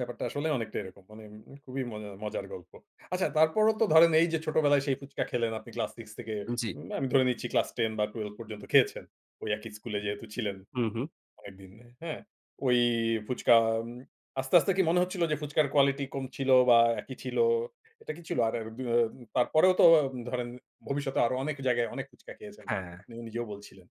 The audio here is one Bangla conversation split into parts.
ব্যাপারটা আসলে অনেকটা এরকম মানে খুবই মজা মজার গল্প। আচ্ছা তারপরেও তো ধরেন এই যে ছোটবেলায় সেই ফুচকা খেলেন আপনি ক্লাস 6 থেকে জি। উম আমি ধরে নিচ্ছি ক্লাস 10 বা 12 পর্যন্ত খেয়েছেন। ঐ একই স্কুলে যেহেতু ছিলেন হুম, হুম। অনেকদিন হ্যাঁ? ঐ ফুচকা আস্তে, আস্তে কি মনে হচ্ছিল যে ফুচকার কোয়ালিটি কম ছিল বা একই ছিল এটা কি ছিল? আর ২ ও তারপরেও তো ধরেন ভবিষ্যতে আরো অনেক জায়গায় অনেক ফুচকা খেয়েছেন। হ্যাঁ। আপনি নিজেও বলছিলেন।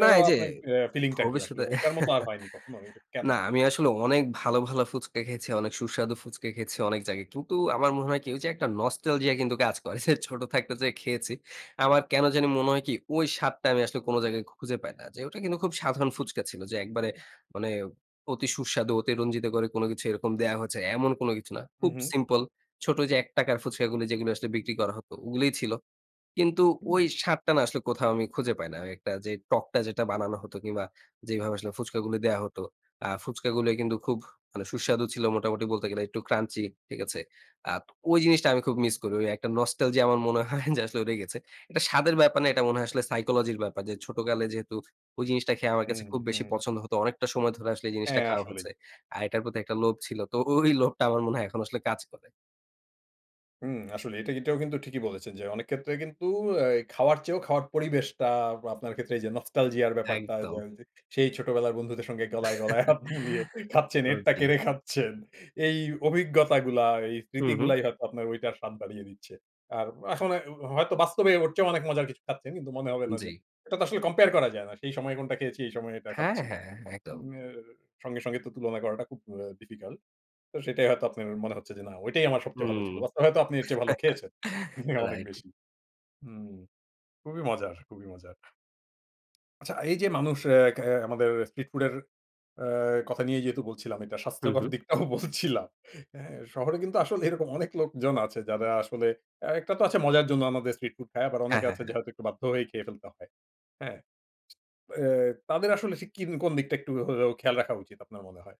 না, এই যে আপনার আ ফিলিংটা কি আসলে ভবিষ্যতে ঐটার মত আর হয়নি কখনো এটা কেনো? না আমি আসলে অনেক ভালো, ভালো ফুচকা খেয়েছি, অনেক সুস্বাদু ফুচকা খেয়েছি অনেক জায়গায়। কিন্তু আমার মনে হয় কি ঐ যে একটা নস্টালজিয়া কিন্তু কাজ করে যে ছোট থাকতে যে খেয়েছি। আমার কেন জানি মনে হয় কি ঐ স্বাদটা আমি আসলে কোনো জায়গায় খুঁজে পাই না। যে ওটা কিন্তু খুব সাধারণ ফুচকা ছিল যে একবারে মানে অতি সুস্বাদু অতিরঞ্জিত করে কোনো কিছু এরকম দেয়া হয়েছে। এমন কোনো কিছু না। উ খুব হু। সিম্পল ছোট যে ৳১ র ফুচকাগুলো যেগুলো আসলে বিক্রি করা হতো ওগুলোই ছিল। কিন্তু উ ঐ জি। স্বাদটা না আসলে কোথাও আমি খুঁজে পাই না। একটা যে টকটা যেটা বানানো হতো কিংবা যেভাবে আসলে ফুচকাগুলো দেয়া হত। আর ফুচকাগুলা কিন্তু খুব মানে সুস্বাদু ছিল মোটামুটি বলতে গেলে একটু ক্রাঞ্চি ঠিক আছে? আর ঐ জিনিসটা আমি খুব মিস করি। ঐ একটা নস্টালজিয়া আমার মনে হয় যে আসলে লেগেছে। এটা স্বাদের ব্যাপার না, এটা মনে হয় আসলে সাইকোলজির ব্যাপার। যে ছোটকালে যেহেতু ঐ জিনিসটা খেয়ে আমার হুম, কাছে খুব বেশি হুম। পছন্দ হত। অনেকটা সময় ধরে আসলে জিনিসটা হ্যাঁ, খাওয়া আসলেই। হচ্ছে। আর এটার প্রতি একটা লোভ ছিল। তো ঐ লোভটা আমার মনে হয় এখন আসলে কাজ করে। হুম, আসলে এটা এটাও কিন্তু ঠিকই বলেছেন যে অনেক ক্ষেত্রে কিন্তু আ খাওয়ার চেয়েও খাওয়ার পরিবেশটা আপনার ক্ষেত্রে যে নস্টালজিয়া ব্যাপারটা একদম। ধরেন যে সেই ছোটবেলার বন্ধুদের সঙ্গে গলায়, গলায় হাত মিলিয়ে খাচ্ছেন, এরটা সত্যি। কেড়ে খাচ্ছেন। এই অভিজ্ঞতাগুলা আর এই হুম, হুম। স্মৃতিগুলাই হয়তো আপনার ঐটার স্বাদ বাড়িয়ে দিচ্ছে। আর এখন হয়তো বাস্তবে ওর চেয়েও অনেক মজার কিছু খাচ্ছেন। কিন্তু মনে হবে না যে জি। এটা তো আসলে কম্পেয়ার করা যায় না। সেই সময়ে কোনোটা খেয়েছি এই সময়ে এটা হ্যাঁ, খাচ্ছি। হ্যাঁ, হ্যাঁ, একদম। উম আ সঙ্গে, সঙ্গে তো তুলনা করাটা খুব ডিফিকাল্ট। তো সেটাই হয়তো আপনার মনে হচ্ছে যে না ঐটাই আমার সবচেয়ে ভালো হুম। ছিল। বা হয়তো আপনি এরচেয়ে ভালো খেয়েছেন। অনেক রাইট। বেশি। হুম, খুবই মজার, খুবই মজার। আচ্ছা, এই যে মানুষ আ খা আমাদের স্ট্রিট ফুডের আ কথা নিয়েই যেহেতু বলছিলাম এটা হুম, স্বাস্থ্যকর হুম। দিকটাও বলছিলাম। হ্যাঁ, শহরে কিন্তু আসলে এরকম অনেক লোকজন আছে যারা আসলে একটা তো আছে মজার জন্য আমাদের স্ট্রিট ফুড খায় আবার হ্যাঁ, অনেকে হ্যাঁ, আছে যে হ্যাঁ। হয়তো একটু বাধ্য হয়েই খেয়ে ফেলতে হয়। হ্যাঁ? আ তাদের আসলে সিকিম কোনো দিকটা একটু খেয়াল রাখা উচিত আপনার মনে হয়?